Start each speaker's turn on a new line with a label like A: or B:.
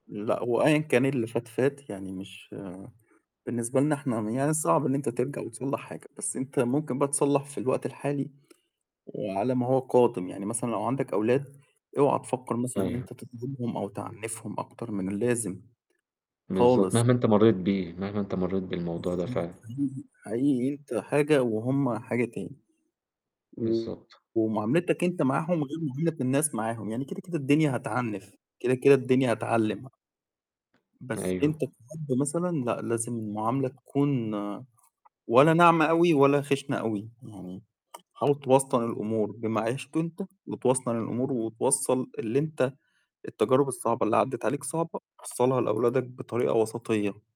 A: لأ، هو أيًا كان اللي فات، فات، يعني مش بالنسبة لنا إحنا م يعني صعب إن أنت ترجع وتصلّح حاجة، بس أنت ممكن بقى تصلّح في الوقت الحالي، وعلى ما هو قادم، يعني مثلًا لو عندك أولاد، اوعا تفكّر مثلًا إن
B: أيوه.
A: أنت تظلمهم أو تعنّفهم أكتر من اللازم.
B: بالضبط
A: خالص.
B: مهما أنت مرّيت بيه، مهما أنت مرّيت بالموضوع
A: بس
B: ده
A: أنت
B: فعلًا.
A: حقيقي حقيقي أنت حاجة وهم حاجة تاني. و
B: بالضبط.
A: ومعاملتك أنت معاهم غير معاملة الناس معاهم، يعني كده، كده الدنيا هتعنّف كده، كده الدنيا هتعلّم. بس أنت
B: أيوه.
A: كأب مثلًا لأ، لازم المعاملة تكون ولا ناعمة أوي ولا خِشنة أوي، يعني حاول توسطن الأمور بما عِشته أنت وتوسطن الأمور وتوصّل اللي أنت التجارب الصعبة اللي عدِّت عليك صعبة وصّلها لأولادك بطريقة وسطيّة.